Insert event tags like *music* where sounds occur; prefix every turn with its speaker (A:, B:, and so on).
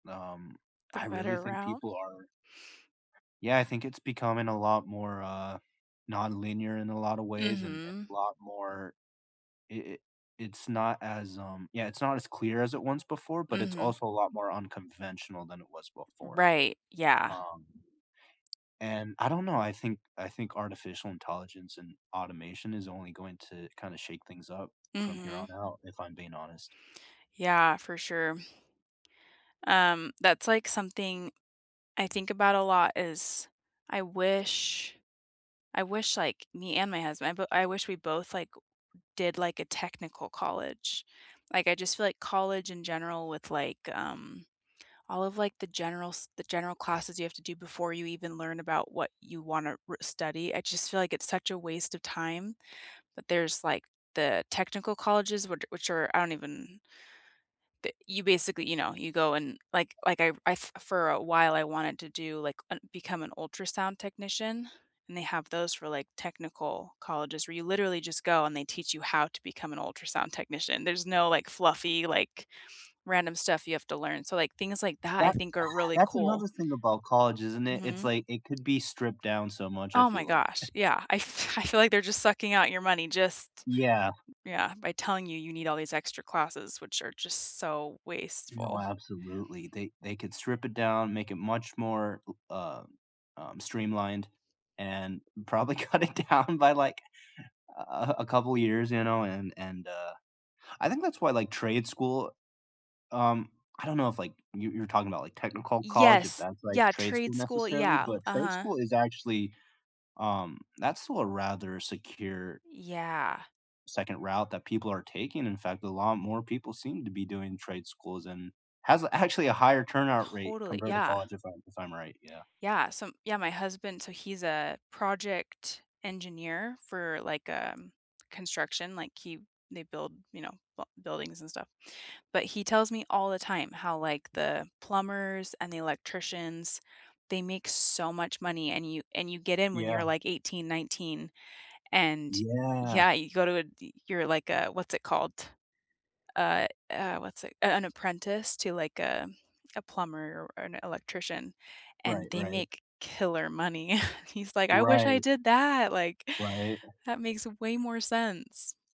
A: Um,
B: The
A: I really
B: better
A: think
B: route.
A: people are Yeah, I think it's becoming a lot more, uh, nonlinear in a lot of ways, and and
B: Mhm.
A: a lot more it it it's not as, um yeah, it's not as clear as it once before, but it's
B: Mhm.
A: also a lot more unconventional than it was before.
B: Right, yeah.
A: Um, and I don't know, I think I think artificial intelligence and automation is only going to kinda shake things up from here on
B: Mhm.
A: out, if I'm being honest.
B: Yeah, for sure. Um, that's, like, something I think about a lot is, I wish I wish, like, me and my husband, I b I wish we both, like, w did, like, a technical college. Like, I just feel like college in general with, like, um, all of, like, the general s the general classes you have to do before you even learn about what you want to r study, I just feel like it's such a waste of time, but there's, like, the technical colleges, which a which are, I don't even that you basically you know, you go and, like like I I f for a while, I wanted to do, like un become an ultrasound technician, and they have those for, like, technical colleges, where you literally just go, and they teach you how to become an ultrasound technician. There's no, like, fluffy, like, random stuff you have to learn, so, like, things like that, I
A: That
B: think are
A: *laughs*
B: really
A: that's
B: cool.
A: another thing about college, isn't it? It's,
B: Mhm.
A: like, it could be stripped down so much, I
B: Oh my
A: feel like.
B: gosh,
A: *chuckles*
B: yeah. I f I feel like they're just sucking out your money, just
A: Yeah.
B: yeah, by telling you you need all these extra classes, which are just so
A: No,
B: wasteful.
A: absolutely. They they could strip it down, make it much more l uh, um, streamlined, and probably cut it down by, like, a a a couple of years, you know, and and, uh, I think that's why, like, trade school um, I don't know if, like you you were talking about, like,
B: Y
A: technical college, if
B: yes.
A: that's, like,
B: Yeah,
A: trade school,
B: trade school,
A: necessarily,
B: yeah.
A: but trade
B: Uh-huh.
A: school is actually, um that's still a rather secure
B: Yeah.
A: second route that people are taking, in fact, a lot more people seem to be doing trade schools, and has, actually, a higher turnout rate
B: Totally
A: compared to
B: yeah.
A: college, if I'm if I'm right, yeah.
B: Yeah, so yeah, my husband so he's a project engineer for, like, um, construction, like, he they build, you know, b buildings and stuff. But he tells me all the time how, like, the plumbers, and the electricians, they make so much money, and you and you get in when you're,
A: Yeah.
B: like, 18, 19, and
A: Yeah.
B: yeah, you go to a y you're, like, a what's it called? Uh uh, what's it a an apprentice to, like, a a plumber or a an electrician, and
A: Right,
B: they
A: right.
B: make killer money. *chuckles* He's like, "I wish I
A: Right.
B: did that!" Like,
A: Right.
B: that makes way more sense.